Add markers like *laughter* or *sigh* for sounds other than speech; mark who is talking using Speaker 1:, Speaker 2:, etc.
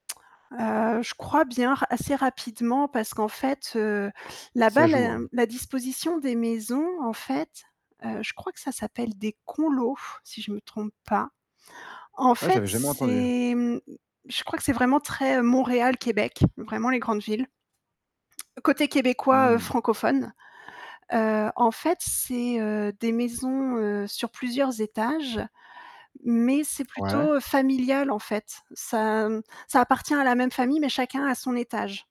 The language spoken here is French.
Speaker 1: *tsk* Heu, je crois bien r assez rapidement parce qu'en fait, heu,
Speaker 2: Ça
Speaker 1: là-bas,
Speaker 2: joue,
Speaker 1: la
Speaker 2: hein.
Speaker 1: la disposition des maisons en fait, heu, je crois que ça s'appelle des conlots, si je me trompe pas. En
Speaker 2: Ah,
Speaker 1: fait,
Speaker 2: j'avais jamais entendu.
Speaker 1: c'est mmh, je crois que c'est vraiment très Montréal, Québec, vraiment les grandes villes. Côté québécois, heu,
Speaker 2: Mmh.
Speaker 1: francophone. Heu, en fait, c'est, heu, des maisons, heu, sur plusieurs étages, mais c'est
Speaker 2: Ouais.
Speaker 1: plutôt, heu, familial, en fait. Ça m ça appartient à la même famille, mais chacun a son étage.